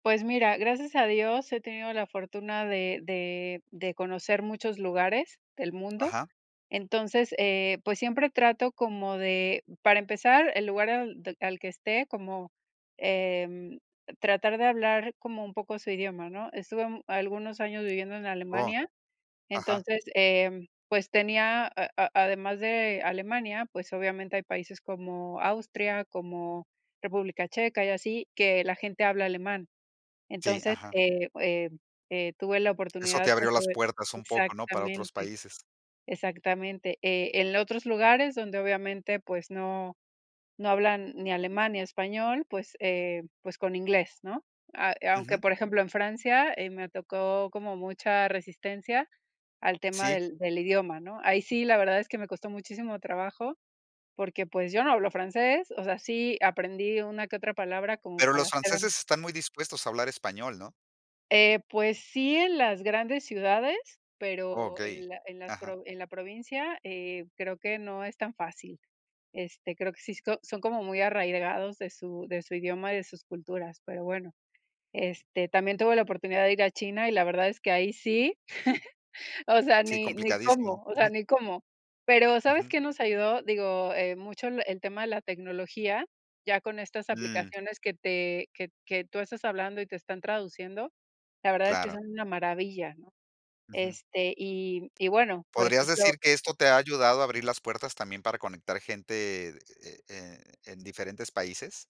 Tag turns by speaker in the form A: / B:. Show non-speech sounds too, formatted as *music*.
A: Pues mira, gracias a Dios he tenido la fortuna de de de conocer muchos lugares del mundo.
B: Ajá.
A: Entonces, eh, pues, siempre trato como de para empezar, el lugar al de al que esté como, em, tratar de hablar como un poco su idioma, ¿no? Estuve, um, algunos años viviendo en
B: Oh.
A: Alemania,
B: Ajá.
A: entonces, em, pues tenía, a a además de Alemania, pues, obviamente hay países como Austria, como República Checa y así, que la gente habla alemán.
B: Sí.
A: Entonces,
B: Ajá.
A: eh, em, eh, tuve la
B: Eso
A: oportunidad,
B: te abrió
A: pues,
B: las
A: sobre
B: puertas un poco. ¿No? Para otros
A: exactamente,
B: países.
A: exactamente. Eh, en lo otros lugares donde, obviamente, pues, no no hablan ni alemán, ni español, pues, eh, pues, con inglés, ¿no? A e aunque,
B: Ujú.
A: por ejemplo, en Francia, eh, me tocó como mucha resistencia al tema
B: Sí.
A: del del idioma, ¿no? Ahí sí, la verdad es que me costó muchísimo trabajo porque, pues, yo no hablo francés, o sea, sí aprendí una que otra palabra como
B: Pero
A: para
B: los
A: hacerm
B: franceses están muy dispuestos a hablar español, ¿no?
A: Eh, pues, sí en las grandes ciudades, pero
B: Okey,
A: en la en las
B: ajá.
A: en la provincia, eh, creo que no es tan fácil. Este, creo que si so son como muy arraigados de su de su idioma y de sus culturas, pero bueno. Este, también tuve la oportunidad de ir a China, y la verdad es que ahí sí, *chuckles* o sea,
B: Sí,
A: ni ni
B: complicadísimo.
A: cómo, o sea,
B: Ujú.
A: ni cómo. Pero, ¿sabes
B: Ujú.
A: qué nos ayudó? Digo, eh, mucho el el tema de la tecnología, ya con estas
B: Mm.
A: aplicaciones que te que que tú estás hablando y te están traduciendo, la verdad es que
B: Claro.
A: son una maravilla, ¿no?
B: Ujú.
A: Este y m y bueno, por
B: ¿Podrías
A: ejemplo
B: decir que esto te ha ayudado a abrir las puertas también para conectar gente de e e en diferentes países?